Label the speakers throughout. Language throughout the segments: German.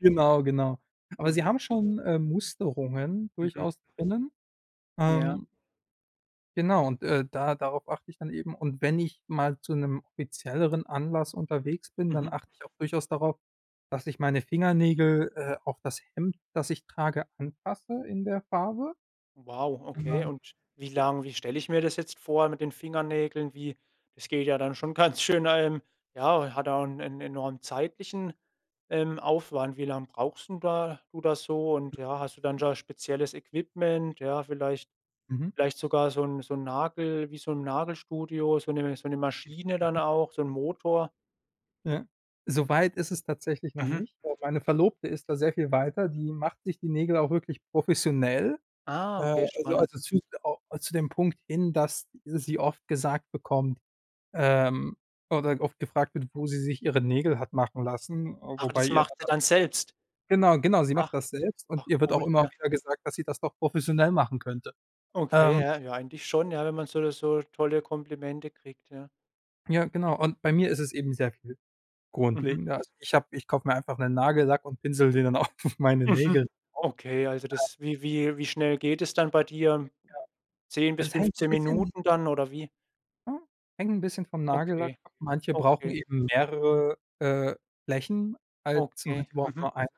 Speaker 1: Genau, genau. Aber sie
Speaker 2: Mhm.
Speaker 1: haben schon, äh, Musterungen
Speaker 2: Mhm.
Speaker 1: durchaus drinnen.
Speaker 2: Ja.
Speaker 1: Ähm Genau und, äh, da darauf achte ich dann eben. Und wenn ich mal zu 'nem offizielleren Anlass unterwegs bin, dann
Speaker 2: Mhm.
Speaker 1: achte ich auch durchaus darauf, dass ich meine Fingernägel, äh, auf das Hemd, das ich trage, anpasse in der Farbe.
Speaker 2: Wow,
Speaker 1: Und
Speaker 2: okay.
Speaker 1: dann
Speaker 2: Und wie
Speaker 1: ja.
Speaker 2: lang wie stelle ich mir das jetzt vor mit den Fingernägeln? Wie das geht ja dann schon ganz schön ähm, ja, hat auch 'n 'n enormen zeitlichen, ähm, Aufwand. Wie lange brauchst denn da oder so? Und, ja,
Speaker 1: Durchaus,
Speaker 2: hast du
Speaker 1: ja.
Speaker 2: dann da spezielles Equipment, ja, vielleicht
Speaker 1: Mhm.
Speaker 2: vielleicht sogar so 'n so 'n Nagel wie so 'n Nagelstudio, so 'ne so 'ne Maschine dann
Speaker 1: [unintelligible]
Speaker 2: auch, so 'n Motor?
Speaker 1: Ja. So weit ist es tatsächlich noch
Speaker 2: Mhm.
Speaker 1: nicht. Aber meine Verlobte ist da sehr viel weiter. Die macht sich die Nägel auch wirklich professionell. Äh,
Speaker 2: Ah, okay,
Speaker 1: also
Speaker 2: spannend.
Speaker 1: also, zu au zu dem Punkt hin, dass sie oft gesagt bekommt ähm, oder oft gefragt wird, wo sie sich ihre Nägel hat machen lassen, äh,
Speaker 2: Ach,
Speaker 1: wobei
Speaker 2: das
Speaker 1: ihr da
Speaker 2: macht ihr
Speaker 1: dann
Speaker 2: dann selbst.
Speaker 1: Genau, genau, sie macht
Speaker 2: Ach.
Speaker 1: das selbst und
Speaker 2: Ach,
Speaker 1: ihr wird auch
Speaker 2: cool,
Speaker 1: immer
Speaker 2: ja.
Speaker 1: wieder gesagt, dass sie das doch professionell machen könnte,
Speaker 2: Okay,
Speaker 1: ähm
Speaker 2: ja, ja eigentlich schon, ja, wenn man so oder so tolle Komplimente kriegt, ja?
Speaker 1: Ja, genau. Und bei mir ist es eben sehr viel
Speaker 2: Mhm.
Speaker 1: grundlegender. Also, ich habe ich kaufe mir einfach 'nen Nagellack und pinsele den dann auf meine
Speaker 2: Mhm,
Speaker 1: Nägel drauf,
Speaker 2: okay, also,
Speaker 1: ähm
Speaker 2: das wie wie wie schnell geht es dann bei dir?
Speaker 1: Ja,
Speaker 2: 10 bis
Speaker 1: es hängt 'n
Speaker 2: 15
Speaker 1: bisschen
Speaker 2: Minuten dann oder wie?
Speaker 1: hm, hängt 'n bisschen vom Nagellack
Speaker 2: Okay,
Speaker 1: ab. Manche brauchen
Speaker 2: okay.
Speaker 1: eben mehrere, äh, Flächen als manche
Speaker 2: Okay,
Speaker 1: brauchen
Speaker 2: mhm.
Speaker 1: nur eine.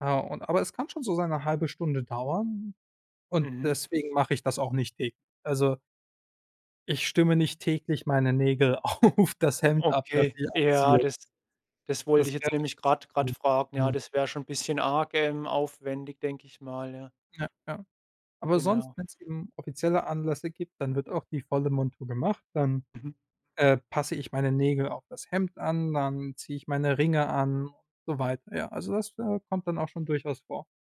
Speaker 1: Ja, und aber es kann schon so seine 1/2 Stunde dauern und
Speaker 2: Mhm.
Speaker 1: deswegen mache ich das auch nicht täglich, also ich stimme nicht täglich meine Nägel auf das Hemd ab, das
Speaker 2: Okay,
Speaker 1: sie
Speaker 2: ja
Speaker 1: abzielt.
Speaker 2: das das wollte
Speaker 1: Das
Speaker 2: ich
Speaker 1: wäre.
Speaker 2: jetzt nämlich grad grad fragen. Ja,
Speaker 1: [unintelligible]
Speaker 2: das wäre schon bisschen arg, ähm, aufwendig, denke ich mal, ja.
Speaker 1: Ja, ja. Aber sonst,
Speaker 2: Genau.
Speaker 1: wenn's eben offizielle Anlässe gibt, dann wird auch die volle Montur gemacht, dann,
Speaker 2: Mhm.
Speaker 1: äh, passe ich meine Nägel auf das Hemd an, dann ziehe ich meine Ringe an und so weiter. Ja, also, das, äh, kommt dann auch schon durchaus vor.